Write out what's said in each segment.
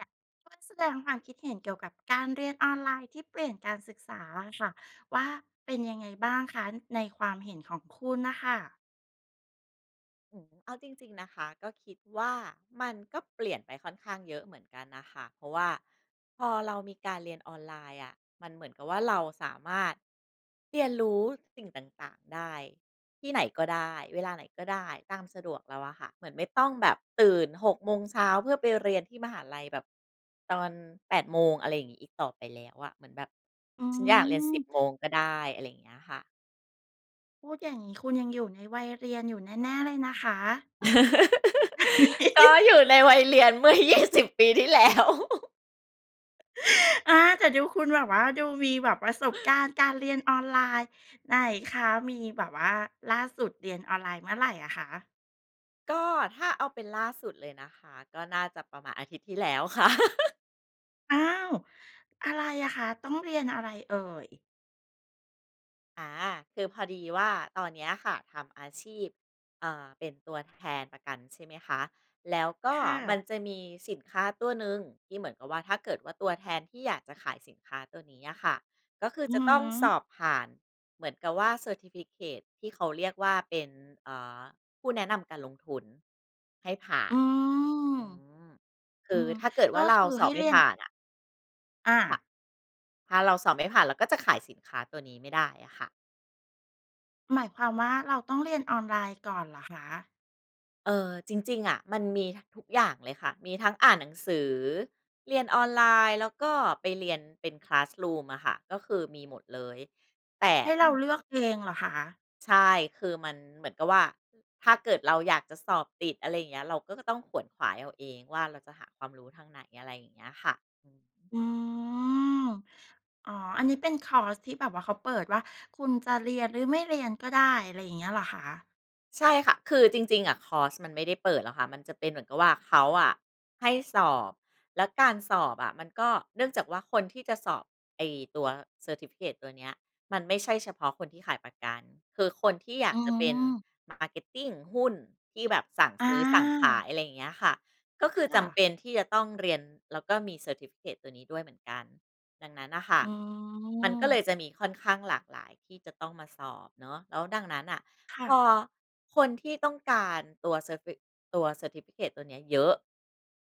ค่ะ ช่วยแสดงความคิดเห็นเกี่ยวกับการเรียนออนไลน์ ที่เปลี่ยนการศึกษาอะค่ะว่า เป็นยังไงบ้างคะ ในความเห็นของคุณน่ะค่ะ? โอ้โฮ เอาจริง ๆ นะคะ ก็คิดว่ามันก็เปลี่ยนไปค่อนข้างเยอะเหมือนกันน่ะค่ะ เพราะว่าพอเรามีการเรียนออนไลน์อะ มันเหมือนกับว่า เราสามารถเรียนรู้สิ่งต่าง ๆ ได้ ที่ไหนก็ได้เวลาไหนก็ได้ ตามสะดวกเราอะค่ะ เหมือนไม่ต้องแบบตื่น 6 โมงเช้า เพื่อไปเรียนที่มหาลัยแบบตอน 8 โมง อะไรอย่างนี้ อีกต่อไปแล้วอะ เหมือนแบบ อื"ฉันอยากเรียน 10 ม โมงก็ได้" อะไรอย่างเงี้ยค่ะ พูดอย่างงี้ คุณยังอยู่ในวัยเรียนอยู่แน่ ๆ เลยนะคะ ก็อยู่ในวัยเรียน เมื่อ 20 ปีที่แล้ว อา แต่ดูคุณแบบว่า ดูมีแบบประสบการณ์การเรียนออนไลน์ ไหนคะ? มีแบบว่า ล่าสุดเรียนออนไลน์เมื่อไหร่อะคะ? ก็ ถ้าเอาเป็นล่าสุดเลยนะคะ ก็น่าจะประมาณอาทิตย์ที่แล้วค่ะ อ้าว อะไรอะคะ? ต้องเรียนอะไรเอ่ย? อา คือพอดีว่า ตอนเนี้ยค่ะทำอาชีพ เอ่อ เป็นตัวแทนประกันใช่ไหมคะ แล้วก็ค่มันะ จะมีสินค้าตัวหนึ่งที่เหมือนกับว่า ถ้าเกิดว่า ตัวแทนที่อยากจะขายสินค้าตัวนี้อะค่ะ ก็คืออืจะอต้ฮองสึ อบผ่านเหมือนกับว่า เซอร์ทิฟิเคิต ที่เขาเรียกว่า เป็น อ่า ผู้แนะนำการลงทุนให้ผ่าอืน ม อืม คอืือม ถ้าเกิดกว่็า เรคาือสใอห้บไมเร่ียผน ่านอะ อค่ะ า ถ้าเราสอบไม่ผ่านเราก็จะขายสินค้าตัวนี้ไม่ได้อะค่ะ หมายความว่า เราต้องเรียนออนไลน์ก่อนเหรอคะ? เออ จริง ๆ อะมันมี ท ทุกอย่างเลยค่ะ มีทั้งอ่านหนังสือ เรียนออนไลน์ แล้วก็ไปเรียนเป็น คลาสรูม อะค่ะ ก็คือมีหมดเลย แต่ให้ต้อเรง าเลือกเองเหรอคะ? ใช่ คือมันเหมือนกับว่า ถ้าเกิดเราอยากจะสอบติด อะไรอย่างเงี้ย เราก็ต้องขวนขวายเอาเองว่า เราจะหาความรู้ทางไหน? อะไรอย่างเงี้ยค่ะ อือฮึ อืม อ๋อ อันนี้เป็นคอร์สที่แบบว่าเขาเปิดว่า คุณจะเรียนหรือไม่เรียนก็ได้ อะไรอย่างเงี้ยเหรอคะ? ใช่ค่ะ คือจริง ๆ อะคอร์สมันไม่ได้เปิดหรอกค่ะ มันจะเป็นเหมือนกับว่า เขาอะให้สอบ แล้วการสอบอะมันก็ เนื่องจากว่า คนที่จะสอบไอ้ตัว เซอร์ทิฟิเคิต ตัวเนี้ย มันไม่ใช่เฉพาะคนที่ขายประกัน คือคนที่อยาอืกจะเป็น ม marketing หุ้นที่แบบสั่งอซื้อสั่งขาา ย อะไรอย่างเงี้ยค่ะ ก็คือคจ่ะ ำเป็นที่จะต้องเรียนแล้วก็มี เซอร์ทิฟิเคิต ตัวนี้ด้วยเหมือนกัน ดังนั้นน่ะค่อะ ืมันก็เลม ยจะมีค่อนข้างหลากหลายที่จะต้องมาสอบเนาะ แล้วดังนั้นน่ะ ค่พะ อคนที่ต้องการตัวเซอร์ฟิ ตัว เซอร์ทิฟิเคิต ตัวนี้เยอะ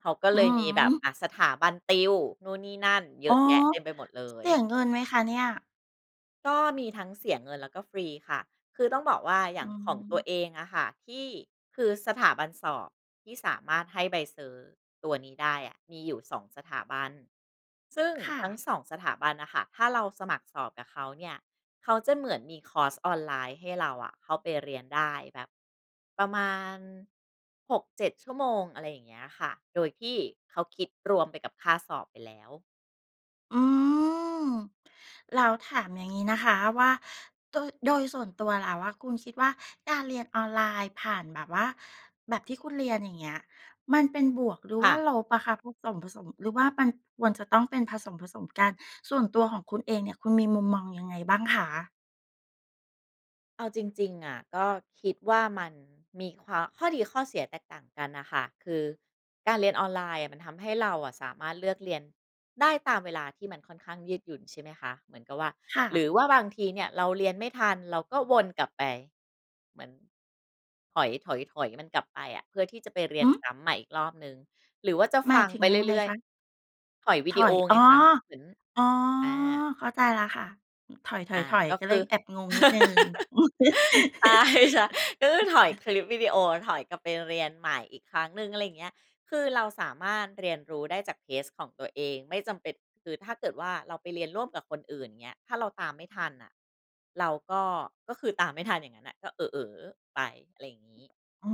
เขาก็อืเลยมอีฮแบบ ึ อะ สถาบันติวนู่นนี่นั่นเยอ๋ออ ะแยะเต็มไปหมดเลเสีย ยเงินไหมคะเนี่ย? ก็มีทั้งเสียเงิน แล้วก็ฟรีค่ะ คือต้องบอกว่าอยอ่๋างของตัวอ เองอะค่ะ ที่ คือสถาบันสอบที่สามารถให้ใบเซอร์ตัวนี้ได้อะ มีอยู่ 2 สถาบัน ซึ่งค่ทั้ะ ง 2 สถาบันน่ะค่ะ ถ้าเราสมัครสอบกับเขาเนี่ย เขาจะเหมือนมีคอร์สออนไลน์ให้เราอะเข้าไปเรียนได้ แบบประมาณ 6-7 ชั่วโมง อะไรอย่างเงี้ยค่ะ โดยที่เขาคิดรวมไปกับค่าสอบไปแล้ว อืม แล้วถามอย่างงี้นะคะว่า โดะ โดยส่วนตัวแล้วอะ คุณคิดว่า การเรียนออนไลน์ผ่านแบบว่า แบบที่คุณเรียน อย่างเงี้ย มันเป็นบวก หรือคว่่าะ ลบอะคะ? ผสม ๆ หรือว่ามันควรจะต้องเป็นผสม ๆ กัน ส่วนตัวของคุณเองเนี่ย คุณมีมุมมองยังไงบ้างคะ? เอาจริง ๆ อะ ก็คิดว่ามันมีควา ข้อดีข้อเสียแตกต่างกันน่ะค่ะ คือการเรียนออนไลน์อะ มันทำให้เราอะสามารถเลือกเรียนได้ตามเวลา ที่มันค่อนข้างยืดหยุ่นใช่ไหมคะ เหมือนกับว่า ค่หระ ือว่าบางทีเนี่ยเราเรียนไม่ทัน เราก็วนกลับไป เหมือน ถอย ถอย ถอยมันกลับไปอะ เพื่อที่จะไปเรียหนือ ซ้ำใหม่อีกรอบหนึ่ง หรือว่าจะหมฟายังถึงไปยังไงเรื่อย คะ? ๆ ถอยวถีดีโออย อไ๋อ งคะ เหมือน อ๋อ อา เข้าใจแล้วค่ะ ถอา อย กๆ ็ๆ ก็คเลืยอ แอบงงนิดหนึ่ง ใช่ ช ก็คือถอยคลิปวิดีโอ ถอยกลับไปเรียนใหม่อีกครั้งหนึ่ง อะไรอย่างเงี้ย คือเราสามารถเรียนรู้ได้จาก เทสต์ ของตัวเอง ไม่จำเป็น คือถ้าเกิดว่า เราไปเรียนร่วมกับคนอื่นเงี้ย ถ้าเราตามไม่ทันน่ะ เราก็ ก็คือตามไม่ทันอย่างนั้นน่ะ ก็เอ๋อ ๆ ไป อะไรอย่างงี้ อ๋อ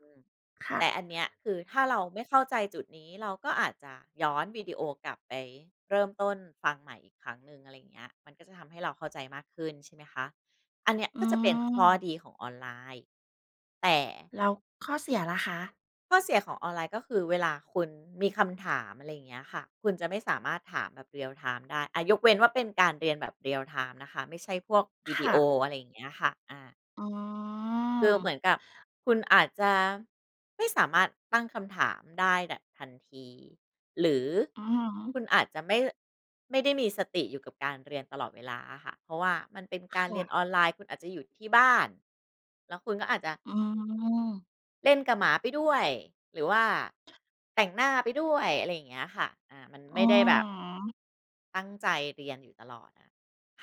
อืม ค่แต่ะ อันเนี้ย คือถ้าเราไม่เข้าใจจุดนี้ เราก็อาจจะย้อนวิดีโอกลับไปเริ่มต้นฟังใหม่อีกครั้งหนึ่ง อะไรอย่างเงี้ย มันก็จะทำให้เราเข้าใจมากขึ้นใช่ไหมคะ อันนี้อืก็จะเป็นข้อม ดีของออนไลน์ แต่ แล้วข้อเสียล่ะคะ? ข้อเสียของออนไลน์ก็คือ เวลาคุณมีคำถาม อะไรอย่างเงี้ยค่ะ คุณจะไม่สามารถถามแบบเรียลไทม์ได้ อ่า ยกเว้นว่าเป็นการเรียนแบบเรียลไทม์นะคะ ไม่ใช่พวกวคีดี่โอ ะ อะไรอย่างเงี้ยค่ะ อา อ๋อ คือเหมือนกับคุณอาจจะ ไม่สามารถตั้งคำถามได้แบบทันที หรืออือฮึ คุณอาจจะไม่ ไม่ได้มีสติอยู่กับการเรียนตลอดเวลาอะค่ะ เพราะว่ามันเป็นกคารเ่รียนะ ออนไลน์ คุณอาจจะอยู่ที่บ้าน แล้วคุณก็อาจจะ อืม เล่นกับหมาไปด้วย หรือว่าแต่งหน้าไปด้วย อะไรอย่างเงี้ยค่ะ อา มันอืไมอ่ได้แบบ ฮึ ตั้งใจเรียนอยู่ตลอดน่ะ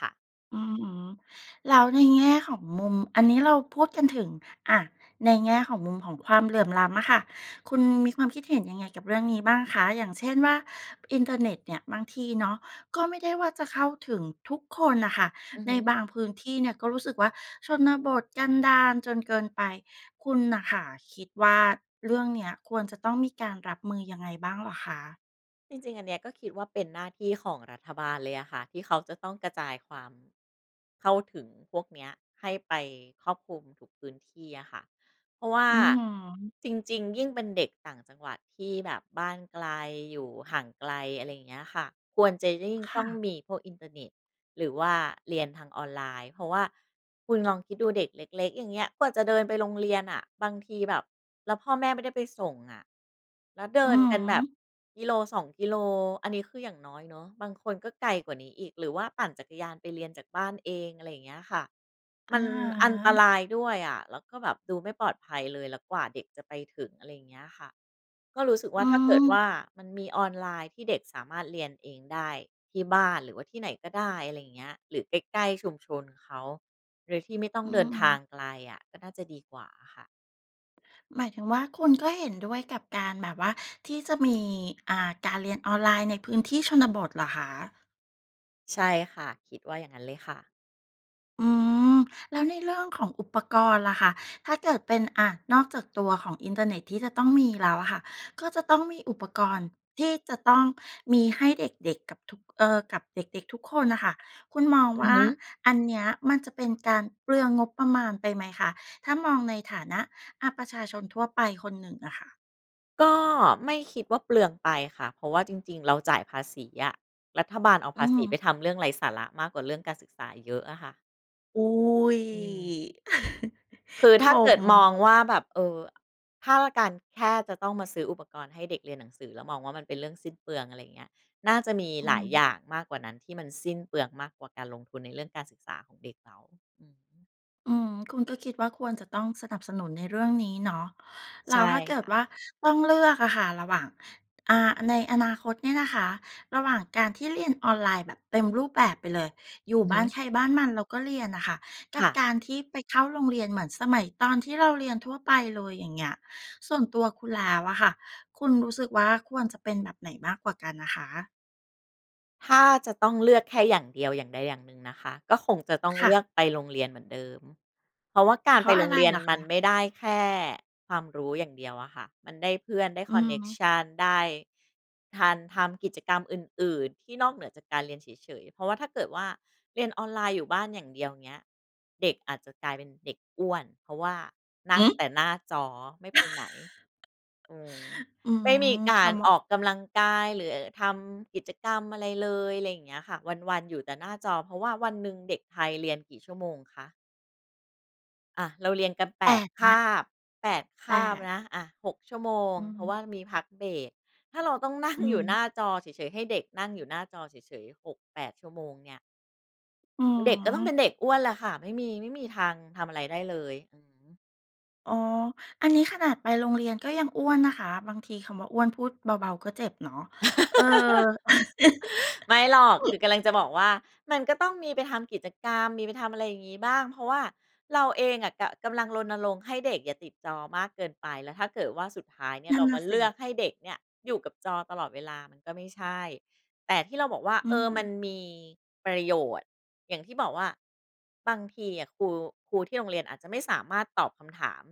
ค่ะ อือฮึ แล้วในแง่ของมุม อันนี้เราพูดกันถึง อะ ในแง่ของมุม ของความเหลื่อมล้ำอะค่ะ คุณมีความคิดเห็นยังไงกับเรื่องนี้บ้างคะ? อย่างเช่นว่า อินเทอร์เน็ตเนี่ย บางทีเนาะ ก็ไม่ได้ว่าจะเข้าถึงทุกคนน่ะค่ะ อือใฮนึ บางพื้นที่เนี่ย ก็รู้สึกว่าชนบทกันดารจนเกินไป คุณน่ะค่ะคิดว่าเรื่องเนี้ย ควรจะต้องมีการรับมือยังไงบ้างเหรอคะ? จริง ๆ อันเนี้ย ก็คิดว่าเป็นหน้าที่ของรัฐบาลเลยอะค่ะ ที่เขาจะต้องกระจายความ เข้าถึงพวกเนี้ย ให้ไปครอบคลุมทุกพื้นที่อะค่ะ เพราะว่าอือฮึ จริง ๆ ยิ่งเป็นเด็กต่างจังหวัดที่แบบบ้านไกล อยู่ห่างไกล อะไรอย่างเงี้ยค่ะ ควรจะยิ่งคต้่องะ มีพวกอินเทอร์เน็ต หรือว่าเรียนทางออนไลน์ เพราะว่า คุณลองคิดดูเด็กเล็ก ๆ อย่างเงี้ย กว่าจะเดินไปโรงเรียนน่ะ บางทีแบบ แล้วพ่อแม่ไม่ได้ไปส่งอะ แล้วเดอิืนอกันฮแบบ ึ 1-2 กิโล อันนี้ คือ อย่างน้อยเนาะ บางคนก็ไกลกว่านี้อีก หรือว่าปั่นจักรยานไปเรียนจากบ้านเอง อะไรอย่างเงี้ยค่ะ อมัะนฮอันตะ รายด้วยอะ แล้วก็แบบดูไม่ปลอดภัยเลย แล้วกว่าเด็กจะไปถึง อะไรอย่างเงี้ยค่ะ ก็รู้สึกวอ่ืา ถ้าเกิดวม ่ามันมีออนไลน์ที่เด็กสามารถเรียนเองได้ที่บ้าน หรือว่าที่ไหนก็ได้ อะไรอย่างเงี้ย หรือใกล้ ๆ ชุมชนเขา โดยที่ไม่ต้อองืเดินม ทางๆ ไกลอะ ก็น่าจะดีกว่าค่ะ หมายถึงว่าคุณก็เห็นด้วยกับการแบบว่า ที่จะ มี อ่า การเรียนออนไลน์ในพื้นที่ชนบทเหรอคะ? ใช่ค่ะ คิดว่าอย่างงั้นเลยค่ะ อืม แล้วในเรื่องของอุปกรณ์ล่ะคะ ถ้าเกิดเป็น อะ นอกจากตัวของอินเทอร์เน็ตที่จะต้องมีแล้วอะค่ะ ก็จะต้องมีอุปกรณ์ที่จะต้องมีให้เด็ก ๆ กับทุก เออ กับเด็ก ๆ ทุกคนน่ะค่ะ คุณมองอืวอ่ฮา ึ อันเนี้ยมันจะเป็นการเปลืองงบประมาณไปไหมคะ ถ้ามองในฐานะ อะ ประชาชนทั่วไปคนหนึ่งอะค่ะ? ก็ไม่คิดว่าเปลืองไปค่ะ เพราะว่าจริง ๆ เราจ่ายภาษีอะ รัฐบาลเอาภอืาอษฮีึ ไปทำเรื่องไร้สาระมากกว่าเรื่องการศึกษาเยอะอะค่ะ อุ๊ย! อืม คือคถ้าเกิดม มองว่า แบบ เอ่อ อ ถ้าละการแค่จะต้องมาซื้ออุปกรณ์ให้เด็กเรียนหนังสือแล้วมองว่า มันเป็นเรื่องสิ้นเปลือง อะไรเงี้ย น่าจะมีอืหลอาฮยอยึ ่างมากกว่านั้น ที่มันสิ้นเปลืองมากกว่าการลงทุนในเรื่องการศึกษาของเด็กเหรา อือฮึ อืม คุณก็คิดว่าควรจะต้องสนับสนุนในเรื่องนี้เนาะ แใลช้่วถ้าเกิคด่ะ ว่าต้องเลือกอะค่ะ ระหว่าง อ่า ในอนาคตเนี่ยนะคะ ระหว่างการที่เรียนออนไลน์แบบเต็มรูปแบบไปเลย อยู่อือบฮ้านึ ใครบ้านมันแล้วก็เรียนน่ะค่ะ กคับ่ะ การที่ไปเข้าโรงเรียนเหมือนสมัยตอนที่เราเรียนทั่วไปเลย อย่างเงี้ย ส่วนตัวคุณแล้วอะค่ะ คุณรู้สึกว่าควรจะเป็นแบบไหนมากกว่ากันน่ะคะ? ถ้าจะต้องเลือกแค่อย่างเดียว อย่างใดอย่างหนึ่งนะคะ ก็คงจะต้องคเ่ลือะ กไปโรงเรียนเหมือนเดิม เพราะว่ากาเพรรไาปะโรอะงไรเรียเนหรอมคันะ? ไม่ได้แค่ความรู้อย่างเดียวอะค่ะ มันได้เพื่อน ได้อคอืนอเน็กฮึ ชัน ได้ ทัน ทำกิจกรรมอื่น ๆ ที่นอกเหนือจากการเรียนเฉย ๆ เพราะว่า ถ้าเกิดว่า เรียนออนไลน์อยู่บ้านอย่างเดียว เงี้ย เด็กอาจจะกลายเป็นเด็กอ้วน เพราะว่านัห่งืแอ? ต่หน้าจอไม่ไปไหน อืม อืไม่มีม กคา่ะ รเหมาอะ อกกำลังกาย หรือทำกิจกรรมอะไรเลย ไรเงี้ยค่ะ วัน ๆ อยู่แต่หน้าจอ เพราะว่าวันหนึ่งเด็กไทยเรียนกี่ชั่วโมงคะ? อะ เราเรียนกัน แปแปด ด คนะ าบ 8 คแปาบด นะ อะ 6 ชั่วโมง อือเพฮราึ ะว่ามีพักเบรก ถ้าเราต้องนั่งอืออยู่ฮหน้ึ าจอเฉย ๆ ให้เด็กนั่งอยู่หน้าจอเฉย ๆ 6-8 ชั่วโมงเนี่ย อืเด็กก็ต้องเปม ็นเด็กอ้วนแหละค่ะ ไม่มี ไม่มีทางทำอะไรได้เลย อือฮึ อ๋อ อันนี้ขนาดไปโรงเรียนก็ยังอ้วนนะคะ บางทีคำว่า อ้วน พูดเบา ๆ ก็เจ็บเนาะ เออ ไม่หรอก คือกำลังจะบอกว่า มันก็ต้องมีไปทำกิจกรรม มีไปทำอะไรอย่างงี้บ้าง เพราะว่าเราเองอะกะ กำลังรณรงค์ให้เด็กอย่าติดจอมากเกินไป แล้วถ้าเกิดว่า สุดท้ายเนี่นย ัเ่รนานม่าะสเลิ ือกให้เด็กเนี่ยอยู่กับจอตลอดเวลามันก็ไม่ใช่ แต่ที่เราบอกว่า อืเออ มันม มีประโยชน์ อย่างที่บอกว่า บางทีอะครู ครูที่โรงเรียนอาจจะไม่สามารถตอบคำถาม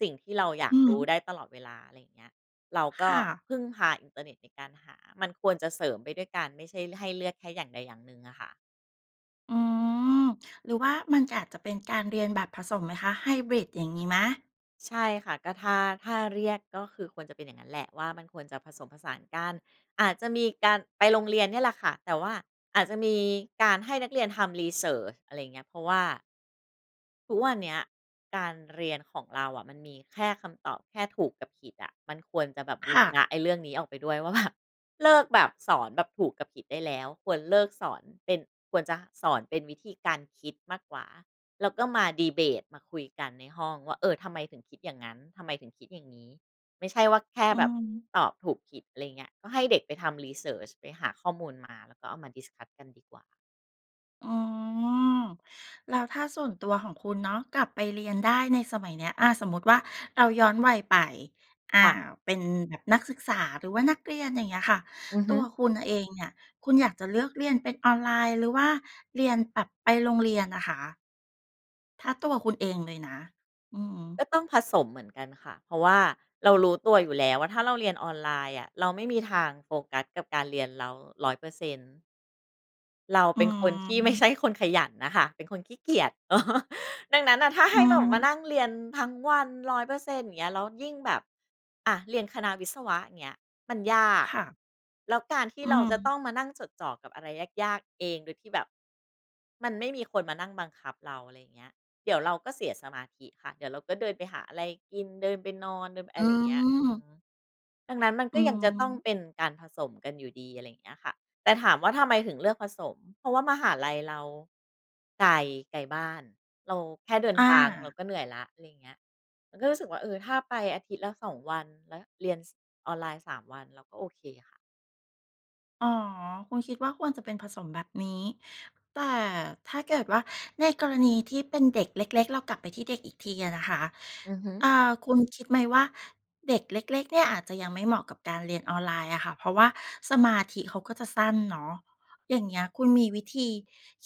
สิ่งที่เราอยาอกือรฮู้ึ ได้ตลอดเวลา อะไรอย่างเงี้ย เรากค็่ะ พึ่งพาอินเทอร์เน็ตในการหา มันควรจะเสริมไปด้วยกัน ไม่ใช่ให้เลือกแค่อย่างใดอย่างหนึ่งอะค่ะ อืม หรือว่ามันก็อาจจะเป็นการเรียนแบบผสมไหมคะ? ไฮบริดอย่างงี้ไหม? ใช่ค่ะ ก็ถ้า ถ้าเรียกก็คือควรจะเป็นอย่างงั้นแหละว่า มันควรจะผสมผสานกัน อาจจะมีการไปโรงเรียนเนี่ยแหละค่ะ แต่ว่าอาจจะมีการให้นักเรียนทำ รีเซิร์ช อะไรอย่างเงี้ย เพราะว่า ทุกวันเนี้ยการเรียนของเราอะ มันมีแค่คำตอบแค่ถูกกับผิดอะ มันควรจะแบบบูคร่ะ ณะไอ้เรื่องนี้ออกไปด้วย ว่า แบบเลิกแบบสอนแบบถูกกับผิดได้แล้ว ควรเลิกสอนเป็น ควรจะสอนเป็นวิธีการคิดมากกว่า แล้วก็มา ดีเบต มาคุยกันในห้องว่า เออ ทำไมถึงคิดอย่างงั้น ทำไมถึงคิดอย่างงี้ ไม่ใช่ว่าแค่อือแบบฮึ ตอบถูกผิด อะไรเงี้ย ก็ให้เด็กไปทำ รีเซิร์ช ไปหาข้อมูลมา แล้วก็เอามา discuss กันดีกว่า อ๋อ แล้วถ้าส่วนตัวของคุณเนาะ กลับไปเรียนได้ในสมัยเนี้ย อะ สมมติว่าเราย้อนวัยไป อคา ่ะ เป็นแบบนักศึกษาหรือว่านักเรียน อย่างเงี้ยค่ะ อือตฮึ ัวคุณเองเนี่ย คุณอยากจะเลือกเรียนเป็นออนไลน์ หรือว่าเรียนแบบไปโรงเรียนอะคะ? ถ้าตัวคุณเองเลยนะ อือฮึ ก็ต้องผสมเหมือนกันค่ะ เพราะว่าเรารู้ตัวอยู่แล้วว่า ถ้าเราเรียนออนไลน์อะเราไม่มีทางโฟกัสกับการเรียนเรา 100% เราอเืป็นคนที่ไม่ใชม ่คนขยันน่ะค่ะ เป็นคนขี้เกียจ ดังนั้นน่ะ ถ้าใอหื้แบบมาม นั่งเรียนทั้งวัน 100% อย่างเงี้ย แล้วยิ่งแบบ อะ เรียนคณะวิศวะ เงี้ย มันยาก ค่ะ แล้วการที่อืเรอาจฮะึ ต้องมานั่งจดจ่อกับอะไรยาก ๆ เอง โดยที่แบบมันไม่มีคนมานั่งบังคับเรา อะไรอย่างเงี้ย เดี๋ยวเราก็เสียสมาธิค่ะ เดี๋ยวเราก็เดินไปหาอะไรกิน เดินไปนอน เดินไปออืะไรอย่างเงี้ย อือฮม ึ ดังนั้น มันอกื็ยังจะต้องม เป็นการผสมกันอยู่ดี อะไรอย่างเงี้ยค่ะ แต่ถามว่าทำไมถึงเลือกผสม? เพราะว่ามหาลัยเราไกล ไกลบ้าน เราแค่เดินอทางเราา ก็เหนื่อยแล้ว อะไรอย่างเงี้ย เราก็เลยรู้สึกว่า เออ ถ้าไปอาทิตย์ละ 2 วัน แล้วเรียน ส ออนไลน์ 3 วัน เราก็โอเคค่ะ อ๋อ คุณคิดว่าควรจะเป็นผสมแบบนี้ แต่ถ้าเกิดว่า ในกรณีที่เป็นเด็กเล็ก ๆ เรากลับไปที่เด็กอีกทีอะนะคะ อือฮึ อ่า คุณคิดไหมว่า เด็กเล็ก ๆ เนี่ยอาจจะยังไม่เหมาะกับการเรียนออนไลน์อะค่ะ เพราะว่าสมาธิเขาก็จะสั้นเนาะ อย่างเงี้ย คุณมีวิธี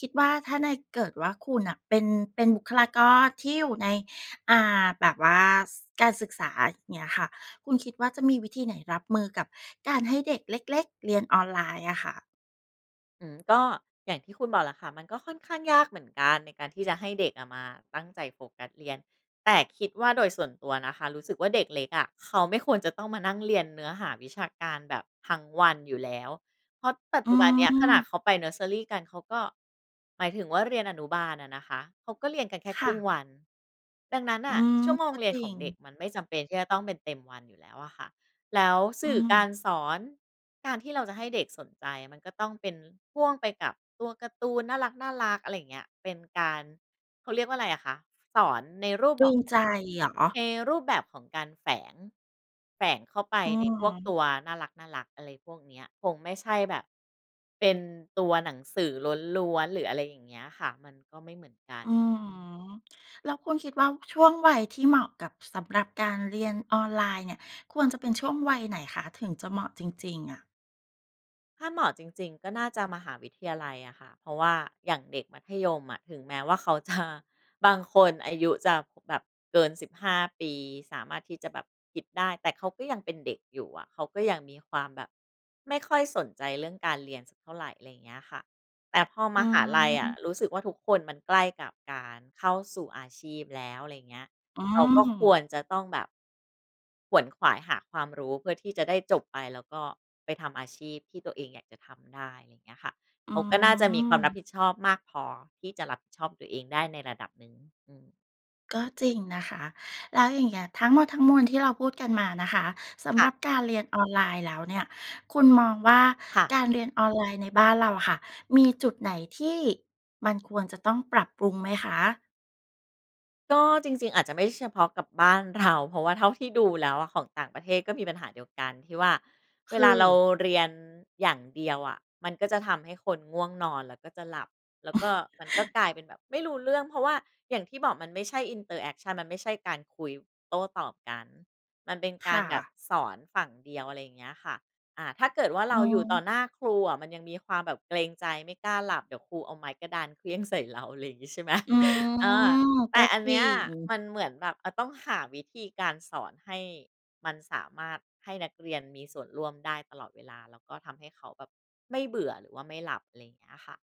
คิดว่าถ้าใน เกิดว่าคุณน่ะเป็น เป็นบุคลากรที่อยู่ใน อ่า แบบว่า ส การศึกษา เงี้ยค่ะ คุณคิดว่า จะมีวิธีไหนรับมือกับการให้เด็กเล็ก ๆ เรียนออนไลน์อะค่ะ? อื้อฮือ ก็อย่างที่คุณบอกแหละค่ะ มันก็ค่อนข้างยากเหมือนกันในการที่จะให้เด็กอะมาตั้งใจโฟกัสเรียน แต่คิดว่า โดยส่วนตัวนะคะรู้สึกว่า เด็กเล็กอะเขาไม่ควรจะต้องมานั่งเรียนเนื้อหาวิชาการแบบทั้งวันอยู่แล้ว เพราะปัจอจืุบันเนี้ยขนาม ดเขาไปเนิร์สเซอรีกัน เขาก็ หมายถึงว่าเรียนอนุบาลอะนะคะ เขาก็เรียนกันแค่คคร่ึ่งะ วัน ดังนั้นนอื่ะ ม ชั่วโมกง็เรียจนรขิองง เด็กมันไม่จำเป็นที่จะต้องเป็นเต็มวันอยู่แล้วอะค่ะ แล้วสอืื่อกม ารสอน การที่เราจะให้เด็กสนใจมันก็ต้องเป็นพ่วงไปกับตัวการ์ตูนน่ารัก ๆ อะไรอย่างเงี้ย เป็นการ เขาเรียกว่าไรอะคะ? สอนในรูปตบรึอก งใจเหรอ? ในรูปแบบของการแฝง แฝงเข้าไปอื้ใอนฮพวืกอ ตัวน่ารัก ๆ อะไรพวกเนี้ย คงไม่ใช่แบบ เป็นตัวหนังสือล้วน ๆ หรืออะไรอย่างเงี้ยอะค่ะ มันก็ไม่เหมือนกัน อื้อฮือ แล้วคุณคิดว่า ช่วงวัยที่เหมาะกับ สำหรับการเรียนออนไลน์เนี่ย ควรจะเป็นช่วงวัยไหนคะ? ถึงจะเหมาะจริง ๆ อะ ถ้าเหมาะจริง ๆ ก็น่าจะมหาวิทยาลัยอะค่ะ เพราะว่าอย่างเด็กมัธยมอะ ถึงแม้ว่าเขา จะ บางคนอายุจะแบบเกิน 15 ปี สามารถที่จะแบบคิดได้ แต่เขาก็ยังเป็นเด็กอยู่อะ เขาก็ยังมีความแบบไม่ค่อยสนใจเรื่องการเรียนสักเท่าไร อะไรเงี้ยค่ะ แต่พออมืหอาลฮัยอะ ึ รู้สึกว่า ทุกคนมันใกล้กับการเข้าสู่อาชีพแล้ว อะไรเงี้ย อืเขาก็คม วรจะต้องแบบ ขวนขวายหาความรู้เพื่อที่จะได้จบไป แล้วก็ไปทำอาชีพที่ตัวเองอยากจะทำได้ อย่างเงี้ยค่ะ อเขืาก็น่าจะมีความรับม ผิดชอบมากพอที่จะรับผิดชอบตัวเองได้ในระดับหนึ่ง อืม ก็จริงนะคะ แล้วอย่างเงี้ย ทั้งหมดทั้งมวลที่เราพูดกันมานะคะ สำค่หระ ับการเรียนออนไลน์แล้วเนี่ย คุณมองว่า ค่ะ การเรียนออนไลน์ในบ้านเราอะค่ะมี จุดไหนที่มันควรจะต้องปรับปรุงไหมคะ? ก็จริง ๆ อาจจะไม่เฉพาะกับบ้าน เรา เพราะว่าเท่าที่ดูแล้วอะ ของต่างประเทศก็มีปัญหาเดียวกันที่ว่า เวคลาเราือ เรียนอย่างเดียวอะ มันก็จะทำให้คนง่วงนอน แล้วก็จะหลับ แล้วก็มัน ก็กลายเป็นแบบไม่รู้เรื่อง เพราะว่าอย่างที่บอกมันไม่ใช่ interaction มันไม่ใช่การคุย ว โต้ตอบกัน มันเป็นคกา่รแบบะ สอนฝั่งเดียว อะไรเงี้ยค่ะ อ่า ถ้าเกิดว่าอเืรอาอยู่ฮต่ึ อหน้าครูอะ มันยังมีความแบบเกรงใจไม่กล้าหลับ เดี๋ยวครูเอาไม้กระดานเขวี้ยง ใส่ เรา อะไรงี้ใช่ ไหม? อือ เออ แตก่็อันจเรนิี้ยง มันเหมือนแบบมันต้องหาวิธีการสอนให้มันสามารถให้นักเรียนมีส่วนร่วมได้ตลอดเวลา แล้วก็ทำให้เขาแบบ ไม่เบื่อหรือว่าไม่หลับ อะไรเงี้ยค่ะ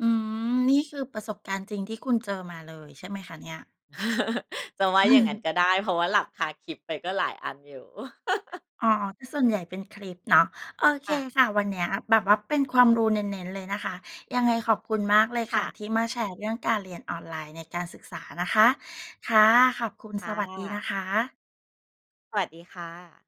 อืม นี่คือประสบการณ์จริงที่คุณเจอมาเลย ใช่ไหมคะเนี่ย? จะว่าอย่างงั้นก็ได้ เพราะว่าหลับคาคลิปไปก็หลายอันอยู่ อ๋อ คือส่วนใหญ่เป็นคลิปเนาะ โอเค ค่ะ ค่ะ วันเนี้ยแบบว่าเป็นความรู้เน้น ๆ เลยนะคะ ยังไงขอบคุณมากเลยคค่่ะะ ที่มาแชร์เรื่องการเรียนออนไลน์ในการศึกษานะคะ ค่ะ ขอบคุณ ค่สวัสดีนะ ะคะ สวัสดีค่ะ